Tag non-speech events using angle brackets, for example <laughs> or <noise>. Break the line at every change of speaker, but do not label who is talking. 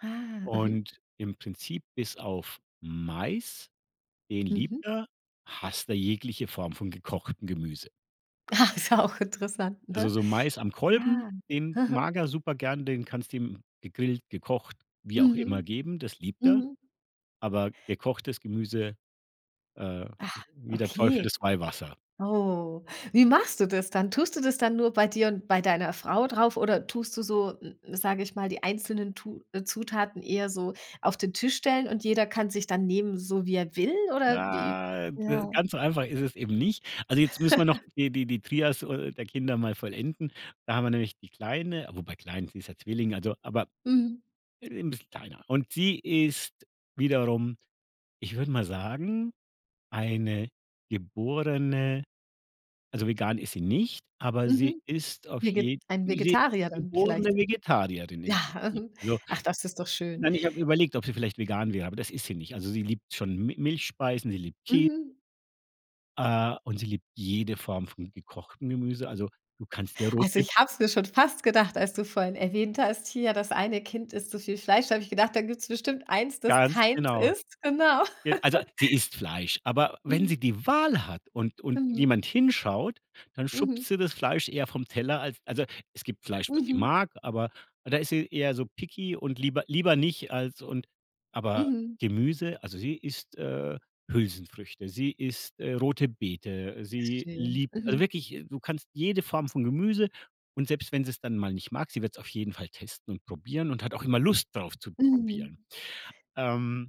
Ah. Mhm.
Und im Prinzip bis auf Mais, den
Mhm.
liebt er, hasst er jegliche Form von gekochtem Gemüse.
Ah, ist ja auch interessant,
Also,
ne?
so Mais am Kolben,
Ja,
den
mhm.
mag er super gern, den kannst du ihm gegrillt, gekocht, wie auch
Mhm.
immer, geben, das liebt er.
Mhm.
Aber gekochtes Gemüse, äh
Ach.
wie der Teufel
Okay.
das Weihwasser.
Oh, wie machst du das dann? Tust du das dann nur bei dir und bei deiner Frau drauf oder tust du so, m m sage ich mal, die einzelnen Tu äh, Zutaten eher so auf den Tisch stellen und jeder kann sich dann nehmen, so wie er will oder wie?
Nei äh,
Ja.
ganz so einfach ist es eben nicht. Also, jetzt müssen wir noch
<laughs>
die die die Trias o der Kinder mal vollenden. Da haben wir nämlich die Kleine wobei klein, sie ist ja Zwilling, also aber,
Mhm.
äh, 'n bisschen kleiner. Und sie ist wiederum, ich würde mal sagen, eine geborene also, vegan ist sie nicht, aber sie
Mhm.
ist auf je
Vege ein
sie
Vegetarier dann
geborene
vielleicht.
Vegetarierin im
Ja,
Prinzip.
mhm,
Also,
ach, das ist doch schön.
nein, ich habe überlegt, ob sie vielleicht vegan wäre, aber das ist sie nicht. Also, sie liebt schon Mi Milchspeisen, sie liebt Kä
Mhm.
äh, und sie liebt jede Form von gekochtem Gemüse. Also, du kannst ihr
Also,
rote
ich habe es mir schon fast gedacht, als du vorhin erwähnt hast: „Hier, das eine Kind isst so viel Fleisch.“ Da habe ich gedacht: „Da gibt's bestimmt 1, das
Ganz
keins
genau.
isst. Genau.
Ge also, sie
<laughs>
isst Fleisch, aber wenn
Mhm.
sie die Wahl hat und und
Mhm.
niemand hinschaut, dann schubst
Mhm.
sie das Fleisch eher vom Teller, als also, es gibt Fleisch, was sie
Mhm.
mag, aber da ist sie eher so picky und „lieber lieber nicht“ als und aber
Mhm.
Gemüse also, sie isst, äh, Hülsenfrüchte, sie isst, äh, rote Beete, sie
Schön.
liebt also,
Mhm.
wirklich, du kannst jede Form von Gemüse und selbst wenn sie's dann mal nicht mag, sie wird's auf jeden Fall testen und probieren und hat auch immer Lust darauf, zu
Mhm.
probieren. Ähm